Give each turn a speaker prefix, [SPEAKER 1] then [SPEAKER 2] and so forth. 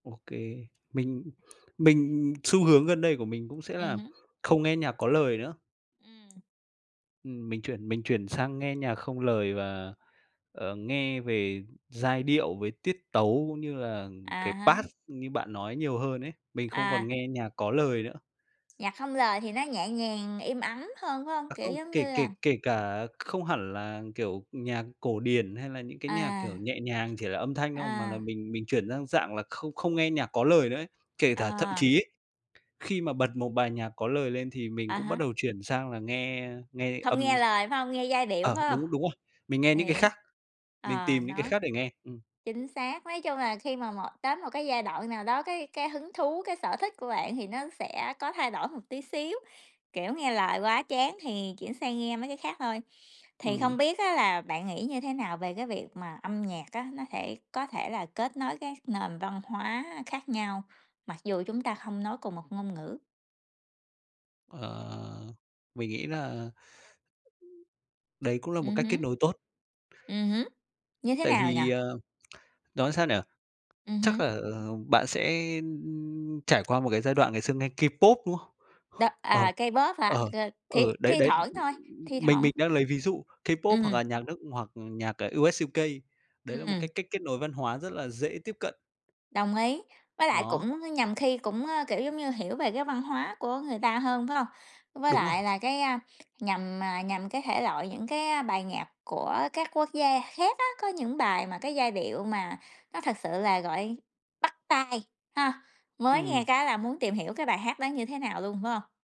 [SPEAKER 1] OK. Mình mình xu hướng gần đây của mình cũng sẽ
[SPEAKER 2] Ừm
[SPEAKER 1] là
[SPEAKER 2] hứm.
[SPEAKER 1] không nghe nhạc có lời nữa.
[SPEAKER 2] Ừm.
[SPEAKER 1] Ừm, mình chuyển mình chuyển sang nghe nhạc không lời và, ờ, nghe về giai điệu, về tiết tấu cũng như là
[SPEAKER 2] À
[SPEAKER 1] cái
[SPEAKER 2] há.
[SPEAKER 1] bass như bạn nói nhiều hơn ấy, mình không còn
[SPEAKER 2] À.
[SPEAKER 1] nghe nhạc có lời nữa.
[SPEAKER 2] Nhạc không lời thì nó nhẹ nhàng, im ắng hơn, phải hông?
[SPEAKER 1] À
[SPEAKER 2] Kiểu
[SPEAKER 1] không,
[SPEAKER 2] giống
[SPEAKER 1] kể
[SPEAKER 2] như
[SPEAKER 1] kể
[SPEAKER 2] là
[SPEAKER 1] kể cả không hẳn là, kiểu, nhạc cổ điển hay là những cái nhạc, kiểu,
[SPEAKER 2] À.
[SPEAKER 1] nhẹ nhàng chỉ là âm thanh không, mà là
[SPEAKER 2] À.
[SPEAKER 1] mình mình chuyển sang dạng là không không nghe nhạc có lời nữa ấy. Kể tả thậm
[SPEAKER 2] À.
[SPEAKER 1] chí ấy, khi mà bật một bài nhạc có lời lên thì mình
[SPEAKER 2] À
[SPEAKER 1] cũng bắt
[SPEAKER 2] há.
[SPEAKER 1] đầu chuyển sang là nghe nghe
[SPEAKER 2] Không nghe
[SPEAKER 1] âm s
[SPEAKER 2] lời, phải hông? Nghe giai điệu,
[SPEAKER 1] ờ,
[SPEAKER 2] phải hông?
[SPEAKER 1] đúng đúng rồi. Mình nghe những cái
[SPEAKER 2] Hiểu,
[SPEAKER 1] khác, mình
[SPEAKER 2] ờ,
[SPEAKER 1] tìm những cái
[SPEAKER 2] nó
[SPEAKER 1] khác để nghe. Ừm.
[SPEAKER 2] chính xác. Nói chung là khi mà một tới một cái giai đoạn nào đó, cái cái hứng thú, cái sở thích của bạn thì nó sẽ có thay đổi một tí xíu, kiểu, nghe lời quá chán thì chuyển sang nghe mấy cái khác thôi. Thì
[SPEAKER 1] Ừm.
[SPEAKER 2] không biết á là bạn nghĩ như thế nào về cái việc mà âm nhạc á, nó thể có thể là kết nối các nền văn hóa khác nhau, mặc dù chúng ta không nói cùng một ngôn ngữ?
[SPEAKER 1] Ờ, mình nghĩ là đấy cũng là một
[SPEAKER 2] Ừm
[SPEAKER 1] cách
[SPEAKER 2] hứm.
[SPEAKER 1] kết nối tốt.
[SPEAKER 2] Ừm hứm, như thế
[SPEAKER 1] Tại
[SPEAKER 2] nào nhỉ?
[SPEAKER 1] vì, ờ, nói sao nhỉ?
[SPEAKER 2] Ừm
[SPEAKER 1] Chắc
[SPEAKER 2] hưm.
[SPEAKER 1] là, ừ, bạn sẽ, ưm, ưm, trải qua một cái giai đoạn ngày xưa nghe K-pop, đúng không?
[SPEAKER 2] Đó,
[SPEAKER 1] Ờ,
[SPEAKER 2] à K-pop hả?
[SPEAKER 1] ờ,
[SPEAKER 2] À, thì
[SPEAKER 1] ừ, đấy,
[SPEAKER 2] thi
[SPEAKER 1] đấy,
[SPEAKER 2] thoảng thôi, thi
[SPEAKER 1] mình
[SPEAKER 2] thoảng.
[SPEAKER 1] mình đang lấy ví dụ K-pop hoặc
[SPEAKER 2] Ừm.
[SPEAKER 1] là nhạc nước hoặc nhạc, ờ, US-UK. Đấy là một
[SPEAKER 2] Ừm.
[SPEAKER 1] cái cách kết nối văn hóa rất là dễ tiếp cận.
[SPEAKER 2] Đồng ý, với lại
[SPEAKER 1] Đó.
[SPEAKER 2] cũng nhằm khi cũng, ơ, kiểu giống như, hiểu về cái văn hóa của người ta hơn, phải hông? Với
[SPEAKER 1] Đúng rồi.
[SPEAKER 2] lại là cái, a, nhằm, à, nhằm cái thể loại, những cái, a, bài nhạc của các quốc gia khác á, có những bài mà cái giai điệu mà nó thực sự là gọi bắt tai, ha? Mới nghe
[SPEAKER 1] Ừm.
[SPEAKER 2] cái là muốn tìm hiểu cái bài hát đó như thế nào luôn, phải hông?